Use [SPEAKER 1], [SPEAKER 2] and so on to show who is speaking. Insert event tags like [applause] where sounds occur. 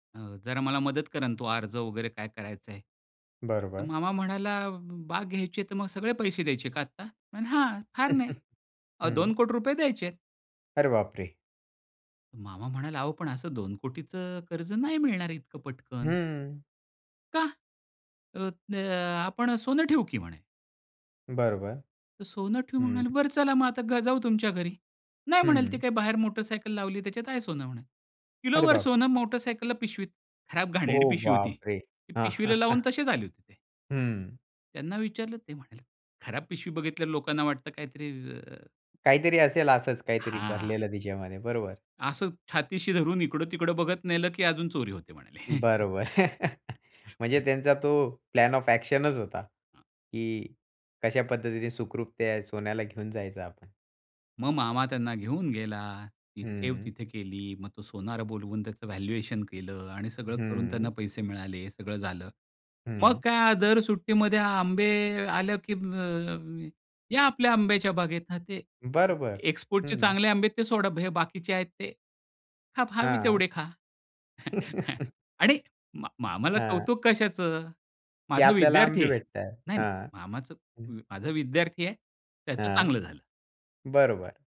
[SPEAKER 1] अ, जरा मला मदत करा ना. तो अर्ज वगैरे काय करायचं आहे?
[SPEAKER 2] बरोबर.
[SPEAKER 1] मामा म्हणाला, "बाग घ्यायची तर मग सगळे पैसे द्यायचे का आत्ता?" म्हटलं, "हां फार नाही.
[SPEAKER 2] [chuckles]
[SPEAKER 1] अ, दोन
[SPEAKER 2] हं.
[SPEAKER 1] कोटी रुपये द्यायचेत."
[SPEAKER 2] अरे बापरे!
[SPEAKER 1] मामा म्हणाला, "अहो पण असं 2 कोटीचं कर्ज नाही मिळणार इतकं पटकन."
[SPEAKER 2] हं.
[SPEAKER 1] का? अ, अ, आपण सोनं ठेऊ की म्हणे.
[SPEAKER 2] बरोबर,
[SPEAKER 1] तर सोनं ठेव
[SPEAKER 2] हं.
[SPEAKER 1] म्हणाले बरं चला मग आता ग जाऊ तुमच्या घरी. नाही म्हणाले ते
[SPEAKER 2] हं.
[SPEAKER 1] काय बाहेर मोटर सायकल लावली त्याच्यात आहे सोनं म्हणे.
[SPEAKER 2] अरे
[SPEAKER 1] किलोभर
[SPEAKER 2] बाप!
[SPEAKER 1] सोनं मोटर सायकलला पिशवीत खराब घाणेरडी
[SPEAKER 2] ओ
[SPEAKER 1] पिशवी होती.
[SPEAKER 2] बापरे!
[SPEAKER 1] ती पिशवीला लावून
[SPEAKER 2] [chuckles]
[SPEAKER 1] तसेच आले होते ते.
[SPEAKER 2] हं.
[SPEAKER 1] त्यांना विचारलं ते म्हणाले, "खराब पिशवी बघितल्यावर लोकांना वाटतं काहीतरी अ
[SPEAKER 2] काहीतरी असेल असंच काहीतरी
[SPEAKER 1] हां.
[SPEAKER 2] भरलेलं तिच्यामध्ये बरोबर.
[SPEAKER 1] असं छातीशी धरून इकडं-तिकडं बघत नेलं की अजून चोरी होते म्हणाले.
[SPEAKER 2] बरोबर. [chuckles] म्हणजे
[SPEAKER 1] [chuckles]
[SPEAKER 2] त्यांचा तो प्लॅन ऑफ एक्शनच होता,
[SPEAKER 1] हां.
[SPEAKER 2] की कशा पद्धतीने सुखरूप त्या सोन्याला घेऊन जायचं आपण.
[SPEAKER 1] मग मामा त्यांना घेऊन गेला. ती ठेव
[SPEAKER 2] हं.
[SPEAKER 1] तिथे केली. मग तो सोनार बोलवून त्याचं व्हॅल्युएशन केलं आणि सगळं करून त्यांना
[SPEAKER 2] हं.
[SPEAKER 1] पैसे मिळाले हे सगळं झालं. मग
[SPEAKER 2] हं.
[SPEAKER 1] काय दर सुट्टीमध्ये आंबे आलं, की या म अ, अ, ये आपल्या आंब्याच्या बागेत ना ते
[SPEAKER 2] बरोबर.
[SPEAKER 1] एक्सपोर्टचे
[SPEAKER 2] हं.
[SPEAKER 1] चांगले आंबे आहेत ते सोडा हे बाकीचे आहेत ते. हा पहावी
[SPEAKER 2] हां.
[SPEAKER 1] तेवढे खा. [chuckles]
[SPEAKER 2] [chuckles]
[SPEAKER 1] आणि मा मामाला
[SPEAKER 2] हां.
[SPEAKER 1] कौतुक कशाचं?
[SPEAKER 2] की
[SPEAKER 1] माझा
[SPEAKER 2] आपल्याला
[SPEAKER 1] विद्यार्थी
[SPEAKER 2] आंबे
[SPEAKER 1] आहे.
[SPEAKER 2] भेटत आहे,
[SPEAKER 1] नाही, नाही
[SPEAKER 2] हां.
[SPEAKER 1] मामाचं
[SPEAKER 2] हं.
[SPEAKER 1] माझा विद्यार्थी आहे त्याचं
[SPEAKER 2] हां,
[SPEAKER 1] चांगलं झालं.
[SPEAKER 2] बरोबर.